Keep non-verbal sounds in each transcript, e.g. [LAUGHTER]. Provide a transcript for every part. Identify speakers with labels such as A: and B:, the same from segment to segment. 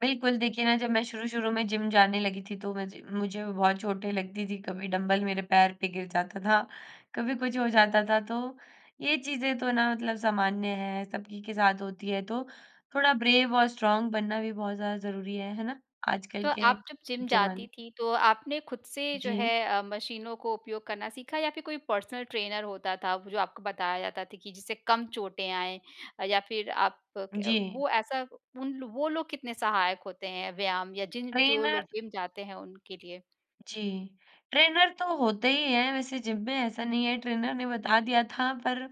A: बिल्कुल देखिए ना जब मैं शुरू-शुरू में जिम जाने लगी थी तो मझे मुझे बहुत चोटें लगती थी। कभी डंबल मेरे पैर पे गिर जाता था, कभी कुछ हो जाता था। तो ये चीज़ें तो ना मतलब सामान्य हैं सबकी के साथ होती हैं। तो थोड़ा ब्रेव और स्ट्रॉन्ग बनना भी बहुत ज़्यादा ज़रूरी है। है ना? आजकल
B: तो
A: के
B: आप जब जिम
A: ज़माने
B: जाती थी तो आपने खुद से जो है
A: जी।
B: अ, मशीनों को उपयोग करना सीखा या फिर कोई पर्सनल ट्रेनर होता था जो आपको बताया जाता था कि जिससे कम चोटें आएँ? या फिर आप क
A: जी।
B: वो ऐसा उन लो वो लोग कितने सहायक होते हैं व्यायाम या जिन जो लोग
A: ट्रेनर
B: जिम जाते हैं उनके लिए?
A: जी। ट्रेनर तो होते ही हैं वैसे जिम में, ऐसा नहीं है। ट्रेनर ने बता दिया था पर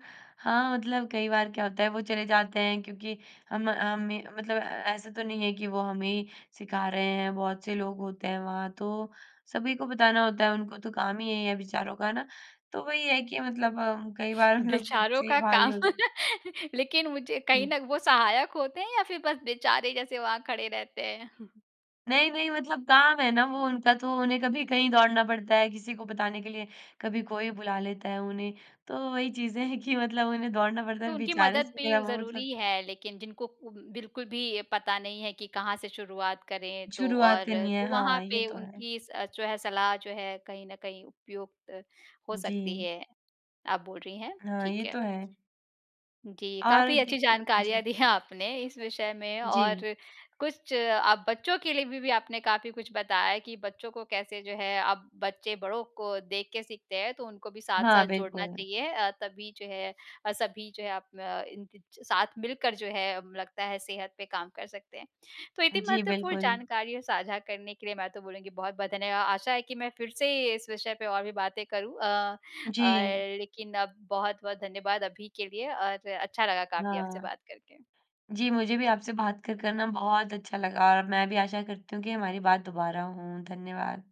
A: हाँ, मतलब कई बार क्या होता है वो चले जाते हैं क्योंकि हम हमें मतलब ए ऐसा तो नहीं है कि वो हमें ही सिखा रहे हैं, बहुत से लोग होते हैं वहाँ। तो सभी को बताना होता है उनको तो काम ही यही है बेचारों का, है ना। तो वही है कि मतलब हम कई बार मतलब खुद
B: बेचारों
A: से ही
B: का
A: भारी
B: काम।
A: हो जा
B: [LAUGHS] लेकिन मुझे कहीं
A: जी।
B: ना वो सहायक होते हैं या फिर बस बेचारे जैसे वहाँ खड़े रहते हैं? [CHUCKLES]
A: नहीं, नहीं। मतलब काम है ना वो उनका तो उन्हें कभी कहीं दौड़ना पड़ता है, किसी को बताने के लिए। कभी कोई बुला लेता है उन्हें, तो वही चीज़ें हैं कि मतलब उन्हें दौड़ना पड़ता
B: तो
A: है
B: उनकी
A: बेचारे
B: मदद
A: से मेरा
B: भी
A: वो मतलब
B: ज़रूरी है लेकिन जिनको उ बिल्कुल भी ये पता नहीं है कि कहाँ से शुरुआत करें तो
A: शुरुआत
B: और
A: करनी है।
B: तो वहाँ
A: हाँ, ये
B: पे
A: तो है।
B: उनकी स अ, जो है सलाह जो है कहीं न कहीं उपयुक्त हो सकती
A: जी।
B: है। आप बोल रही हैं,
A: हाँ,
B: ठीक
A: ये
B: है।
A: तो है।
B: जी।
A: और
B: काफ़ी अच्छी
A: देखिए
B: जानकारियाँ
A: जी।
B: दी हैं आपने इस विषय में
A: जी।
B: और कुछ आप बच्चों के लिए बी बी आपने काफ़ी कुछ बताया है कि बच्चों को कैसे जो है अब बच्चे बड़ों को देख के सीखते हैं तो उनको भी
A: हाँ,
B: साथ-साथ जोड़ना
A: बिल्कुल।
B: चाहिए अ, तभी जो है सभी जो है आप अ, इन च साथ मिलकर जो है लगता है सेहत पे काम कर सकते हैं। तो इतनी
A: जी,
B: महत्वपूर्ण
A: बिल्कुल।
B: जानकारियाँ साझा करने के लिए मैं तो बोलूँगी बहुत-बहुत धन्यवाद। आशा है कि मैं फिर से इस विषय पे और भी बातें करूँ अ, और
A: जी।
B: लेकिन अब बहुत-बहुत धन्यवाद अभी के लिए और अच्छा लगा काफ़ी आपसे
A: हाँ।
B: बात करके।
A: जी, मुझे भी आपसे बात कर, कर ना बहुत अच्छा लगा और मैं भी आशा करती हूँ कि हमारी बात दोबारा हों। धन्यवाद।